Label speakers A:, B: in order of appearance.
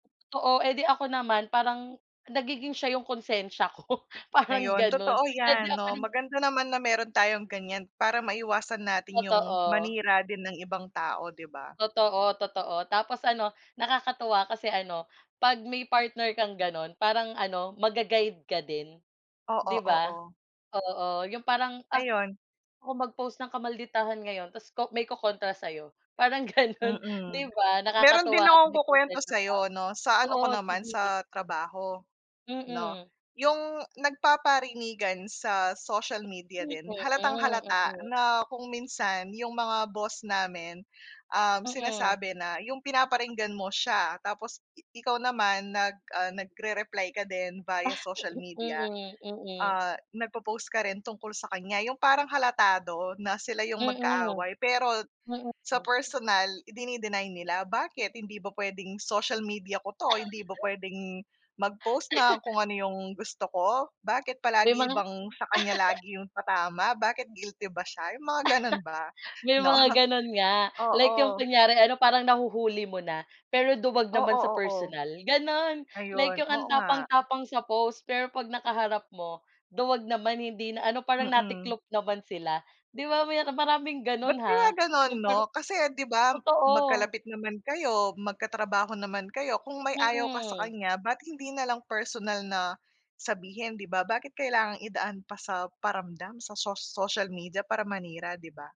A: Oo, eh, di ako naman parang, nagiging siya yung konsensya ko parang
B: Ayon,
A: ganon
B: totoo
A: eh, di
B: yan no
A: ako
B: maganda naman na meron tayong ganyan para maiwasan natin yung
A: Totoo.
B: manira din ng ibang tao di ba?
A: Totoo, totoo, tapos ano nakakatuwa kasi ano 'pag may partner kang gano'n parang ano ma-ga-guide ka din,
B: Oo,
A: di ba?
B: oo.
A: Oo 'yong parang, ah,
B: Ayun.
A: ako mag-post ng kamalditahan ngayon tapos ko may ko-kontra sayo. Parang gano'n 'di
B: Mm.
A: ba
B: Meron din
A: nakakatuwa
B: akong
A: may
B: ku-kwento
A: concern
B: sayo 'no,
A: [unintelligible]
B: sa ano ko
A: oo
B: naman
A: sige.
B: sa trabaho, no?
A: Mm.
B: Yung nagpaparinigan sa social media
A: Hmm,
B: din
A: mm,
B: halatang-halata
A: mm.
B: na kung minsan yung mga boss namin, um,
A: Mm.
B: sinasabi na yung pinaparinggan mo siya tapos, ikaw naman nag, ah, nagre-reply ka din
A: Ah,
B: via social media.
A: mm, mm.
B: Ah, nag po-post ka rin tungkol sa kanya yung parang halatado na sila yung
A: Mm,
B: magkaaway pero. Sa
A: mm.
B: personal idini-deny nila bakit hindi ba pwedeng social media ko 'to hindi ba pwedeng, mag post ng kung ano yung gusto ko? Bakit
A: May
B: palagi
A: mga
B: bang sa kanya lagi yung patama, bakit guilty ba siya yung mga ganon ba?
A: May
B: No,
A: mga ganon nga like yung
B: oo.
A: kunyari ano parang nahuhuli mo na. Pero duwag naman
B: Oo,
A: sa
B: oo.
A: personal ganon like
B: Ayun
A: yung ang
B: oo nga.
A: tapang-tapang sa post pero 'pag nakaharap mo. Duwag naman hindi na ano, parang
B: Mm.
A: natiklop naman sila. Di ba may naka maraming
B: Ba't
A: ganon
B: kaya
A: ha.
B: ganon
A: Yung parang
B: no? Kasi di ba
A: totoo.
B: magkalapit naman kayo magkatrabaho naman kayo kung may ayaw ka sa
A: Mm.
B: kanya bat hindi nalang personal na, sabihin di ba? Bakit kailangang idaan pa sa paramdam sa so social media para manira di ba?